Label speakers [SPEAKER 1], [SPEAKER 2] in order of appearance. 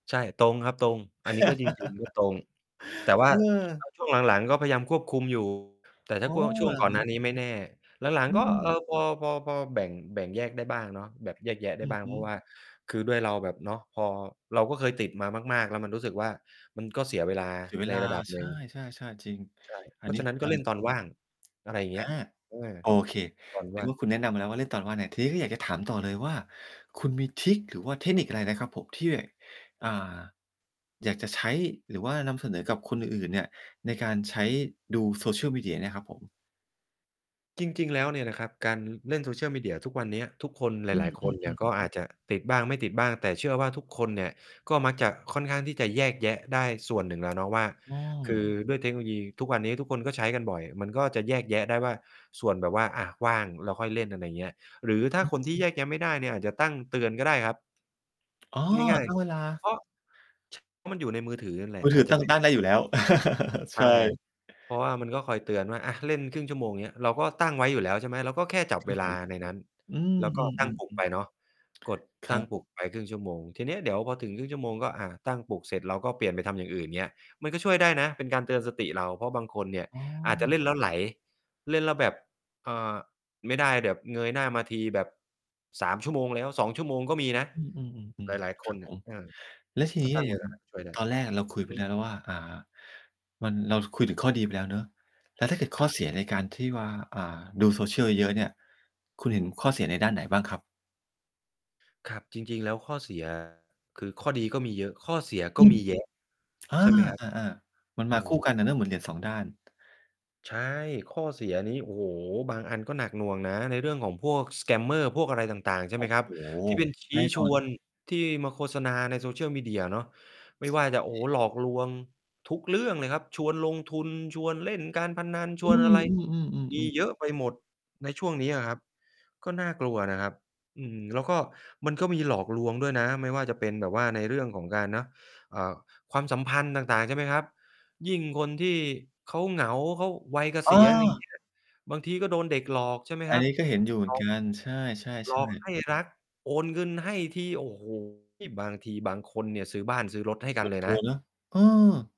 [SPEAKER 1] ใช่ ตรงครับตรง อันนี้ก็จริง ๆ ก็ตรง แต่ว่า
[SPEAKER 2] เอ
[SPEAKER 1] อ
[SPEAKER 2] อ
[SPEAKER 1] า ช่วงหลัง ๆ ก็พยายามควบคุม อยู่ แต่ถ้
[SPEAKER 2] อ๋
[SPEAKER 1] า
[SPEAKER 2] อ
[SPEAKER 1] พ่วง ช่วง
[SPEAKER 2] อ
[SPEAKER 1] ก
[SPEAKER 2] ย่
[SPEAKER 1] ่
[SPEAKER 2] า
[SPEAKER 1] อ
[SPEAKER 2] ง
[SPEAKER 1] น
[SPEAKER 2] ง
[SPEAKER 1] หน
[SPEAKER 2] ี
[SPEAKER 1] ้
[SPEAKER 2] ้
[SPEAKER 1] านี้ไม่แน่ หลัง
[SPEAKER 2] อื
[SPEAKER 1] ๆ ก็ เออ
[SPEAKER 2] ม
[SPEAKER 1] พอ พอ พอแบ่ง แบ่งแยกได้บ้างเนาะ แบบแยกแยะได้
[SPEAKER 2] อื
[SPEAKER 1] บ
[SPEAKER 2] อ
[SPEAKER 1] ้าง
[SPEAKER 2] ฮ
[SPEAKER 1] เพ
[SPEAKER 2] ึ
[SPEAKER 1] ราะว่า คือด้วยเราแบบเนาะ พอ เราก็เคยติดมามาก ๆ แล้วมันรู้สึกว่า มันก็เสียเวลา
[SPEAKER 2] เสียเว
[SPEAKER 1] ใน
[SPEAKER 2] ลา
[SPEAKER 1] ระดับ
[SPEAKER 2] ใช
[SPEAKER 1] หนึ่ง
[SPEAKER 2] ่ ๆ ๆ จริง
[SPEAKER 1] ใช่
[SPEAKER 2] อั
[SPEAKER 1] เพร
[SPEAKER 2] น
[SPEAKER 1] า
[SPEAKER 2] นี
[SPEAKER 1] ะ
[SPEAKER 2] ้
[SPEAKER 1] ฉะ
[SPEAKER 2] เห
[SPEAKER 1] นั
[SPEAKER 2] ็
[SPEAKER 1] ้น
[SPEAKER 2] น
[SPEAKER 1] ก
[SPEAKER 2] ด
[SPEAKER 1] ็
[SPEAKER 2] ้ว
[SPEAKER 1] เล่
[SPEAKER 2] ย
[SPEAKER 1] นตอนว่าง อะไรอย่างเง
[SPEAKER 2] อ
[SPEAKER 1] ี
[SPEAKER 2] า
[SPEAKER 1] ้ย เออ
[SPEAKER 2] โอเค
[SPEAKER 1] ตอน
[SPEAKER 2] นึ
[SPEAKER 1] ว่
[SPEAKER 2] ก
[SPEAKER 1] าง
[SPEAKER 2] ว่าคุณแนะนำมาแล้วว่า เล่นตอนกลางวัน อา ทีนี้อยากจะถามต่อเลยว่า คุณมีทริก หรือว่าเทคนิคอะไรนะครับผมที่ อ่า อยากจะใช้ หรือว่านำเสนอกับคนอื่น ๆ เนี่ยในการใช้ดู social media เนี่ยครับผม?
[SPEAKER 1] จริง ๆ แล้วเนี่ยนะครับ การเล่น social media ทุกวันเนี้ย ทุกคน ห
[SPEAKER 2] อื
[SPEAKER 1] ลาย ๆ คนเนี่ย
[SPEAKER 2] อ ๆ ๆ
[SPEAKER 1] ก็อาจจะติดบ้าง ไม่ติดบ้าง แต่เชื่อว่าทุกคนเนี่ย ก็มักจะค่อนข้างที่จะแยกแยะได้ส่วนหนึ่งแล้วเนาะว่า
[SPEAKER 2] อื
[SPEAKER 1] คื
[SPEAKER 2] ม
[SPEAKER 1] อด้วยเทคโนโลยีทุกวันนี้ ทุกคนก็ใช้กันบ่อย มันก็จะแยกแยะได้ว่า ส่วนแบบว่า อา ว่างแล้วค่อยเล่น อะไรอย่างเงี้ย หรือ
[SPEAKER 2] อือ
[SPEAKER 1] ถ้
[SPEAKER 2] ฮ
[SPEAKER 1] า
[SPEAKER 2] ึ
[SPEAKER 1] คนที่ แยกแยะไม่ได้เนี่ย อาจจะตั้งเตือนก็ได้ครับ
[SPEAKER 2] อ๋อ
[SPEAKER 1] ง่าย
[SPEAKER 2] ตั้งเวล
[SPEAKER 1] ๆ เ
[SPEAKER 2] า
[SPEAKER 1] พราะ ช เพราะมันอยู่ในมือถือนั่นแหละ
[SPEAKER 2] มือ
[SPEAKER 1] อ
[SPEAKER 2] ถื
[SPEAKER 1] าจ
[SPEAKER 2] อ
[SPEAKER 1] จะ
[SPEAKER 2] ตั้
[SPEAKER 1] เ
[SPEAKER 2] ง
[SPEAKER 1] ป็น
[SPEAKER 2] ตั้งได้อยู่แล้ว ใ
[SPEAKER 1] ใ
[SPEAKER 2] ช
[SPEAKER 1] ช่
[SPEAKER 2] ่
[SPEAKER 1] เพราะว่ามันก็คอยเตือนว่า อา เล่นครึ่งชั่วโมง เงี้ย เราก็ตั้งไว้อยู่แล้ว ใช่ไหม เราก็แค่จับ
[SPEAKER 2] เชื่
[SPEAKER 1] เว
[SPEAKER 2] อเข
[SPEAKER 1] ล
[SPEAKER 2] า
[SPEAKER 1] าในนั้น
[SPEAKER 2] อืม
[SPEAKER 1] แล้วก็ตั้งปลุกไ
[SPEAKER 2] ๆ
[SPEAKER 1] ป
[SPEAKER 2] ๆ ๆ
[SPEAKER 1] เนาะ กด
[SPEAKER 2] ค
[SPEAKER 1] ต
[SPEAKER 2] ร
[SPEAKER 1] ั้
[SPEAKER 2] ั
[SPEAKER 1] ง
[SPEAKER 2] บ
[SPEAKER 1] ปลุกไปครึ่งชั่วโมง ทีเนี้ยเดี๋ยวพอถึงครึ่งชั่วโมง ก็ อา ตั้งปลุกเสร็จ เราก็เปลี่ยนไปทำอย่างอื่น อย่างเงี้ย มันก็ช่วยได้นะเป็นการเตือนสติเรา เพราะบางคนเนี่ย
[SPEAKER 2] อ๋อ
[SPEAKER 1] อาจจะเล่นแล้วไหล เล่นแล้วแบบ เอ่อ ไม่ได้แบบเงยหน้ามาทีแบบ 3 ชั่วโมงแล้ว 2 ชั่วโมงก็มีนะ
[SPEAKER 2] อื
[SPEAKER 1] ห
[SPEAKER 2] ม
[SPEAKER 1] ลา
[SPEAKER 2] ๆ
[SPEAKER 1] ย
[SPEAKER 2] ๆ
[SPEAKER 1] ๆ
[SPEAKER 2] ๆ
[SPEAKER 1] ค
[SPEAKER 2] คร
[SPEAKER 1] น
[SPEAKER 2] ับ
[SPEAKER 1] เนี
[SPEAKER 2] ผ
[SPEAKER 1] ่ย
[SPEAKER 2] ม
[SPEAKER 1] เออ
[SPEAKER 2] แล้วที
[SPEAKER 1] ถ
[SPEAKER 2] น
[SPEAKER 1] ้
[SPEAKER 2] ี
[SPEAKER 1] า
[SPEAKER 2] ้
[SPEAKER 1] ตั้ง
[SPEAKER 2] อย
[SPEAKER 1] เ
[SPEAKER 2] ่
[SPEAKER 1] ว
[SPEAKER 2] าง
[SPEAKER 1] ลา ช่วยได้
[SPEAKER 2] ตอนแรกเราคุยไ
[SPEAKER 1] อ
[SPEAKER 2] ป
[SPEAKER 1] ือ
[SPEAKER 2] แล
[SPEAKER 1] ฮึ
[SPEAKER 2] ้วนะว่า อ่า มัน เราคุยถึงข้อดีไปแล้วเนาะ แล้วถ้าเกิดข้
[SPEAKER 1] ค
[SPEAKER 2] อ
[SPEAKER 1] รับ
[SPEAKER 2] เสียในการที่ว่า อ่า ดู social เยอะ ๆ เนี่ย คุณเห็นข้อเสียในด้านไหนบ้างครับ?
[SPEAKER 1] ครับ จริง ๆ แล้วข้อ เสีย คือข้อดีก็มีเยอะ ข้อเสีย
[SPEAKER 2] อ
[SPEAKER 1] ก็
[SPEAKER 2] ืม
[SPEAKER 1] มี เยอะ
[SPEAKER 2] อา
[SPEAKER 1] ใช่ไหมครับ?
[SPEAKER 2] อ่า ๆ มัน
[SPEAKER 1] โอ
[SPEAKER 2] ม
[SPEAKER 1] ้
[SPEAKER 2] าค
[SPEAKER 1] โ
[SPEAKER 2] ู่
[SPEAKER 1] ฮ
[SPEAKER 2] กันอะนะ เหมือนเหรียญ 2 ด้าน
[SPEAKER 1] ใช่ ข้อเสียนี้ โอ้โฮ บางอันก็หนักหน่วงนะ ในเรื่องของพวก สแกมเมอร์ พวกอะไรต่าง ๆ ใช่
[SPEAKER 2] โอ
[SPEAKER 1] ไห
[SPEAKER 2] ้
[SPEAKER 1] มค
[SPEAKER 2] โ
[SPEAKER 1] รั
[SPEAKER 2] ฮ
[SPEAKER 1] บ ที่เป็น ชี
[SPEAKER 2] แน
[SPEAKER 1] ้
[SPEAKER 2] ่น
[SPEAKER 1] ช
[SPEAKER 2] อน
[SPEAKER 1] ว
[SPEAKER 2] เล
[SPEAKER 1] น
[SPEAKER 2] ย
[SPEAKER 1] ที่มาโฆษณาใน social media เนาะ ไม่ว่าจะ โอ้
[SPEAKER 2] ใ
[SPEAKER 1] โฮ
[SPEAKER 2] ช่
[SPEAKER 1] หลอกลวงทุกเรื่องเลยครับ ชวนลงทุน ชวนเล่นการพนัน ช
[SPEAKER 2] อื
[SPEAKER 1] วนอะไร มี
[SPEAKER 2] อ ๆ ๆ ๆ
[SPEAKER 1] เยอะไปหมดในช่วงนี้อะครับ ก็น่ากลัวนะครับ อืม แล้วก็มันก็มีหลอกลวงด้วยนะ ไม่ว่าจะเป็นแบบว่าในเรื่องของการเนาะ เอ่อ ความสัมพันธ์ต่าง ๆ ใช่ไหมครับ ยิ่งคนที่เขาเหงา เขาวัยเก
[SPEAKER 2] เ
[SPEAKER 1] ษียณ อะไรอย่างเ
[SPEAKER 2] ออ
[SPEAKER 1] งี้ย บางที่ก็โดนเด็กหลอก ใช่ไหม
[SPEAKER 2] อั
[SPEAKER 1] คร
[SPEAKER 2] น
[SPEAKER 1] ับ
[SPEAKER 2] นี้ก็เห็นอยู่เหม
[SPEAKER 1] เ
[SPEAKER 2] ื
[SPEAKER 1] ข
[SPEAKER 2] อน
[SPEAKER 1] า
[SPEAKER 2] กัน ใช่
[SPEAKER 1] หลอก
[SPEAKER 2] ๆ ๆ
[SPEAKER 1] ให้ รัก โอนเงินให้ที โอ้โฮ บางทีบางคนเนี่ยซื้อบ้าน ซื้อรถให้ก
[SPEAKER 2] ห
[SPEAKER 1] ั
[SPEAKER 2] ม
[SPEAKER 1] น
[SPEAKER 2] ด
[SPEAKER 1] เลย
[SPEAKER 2] ต
[SPEAKER 1] น
[SPEAKER 2] ัว
[SPEAKER 1] ะ
[SPEAKER 2] นะ เออ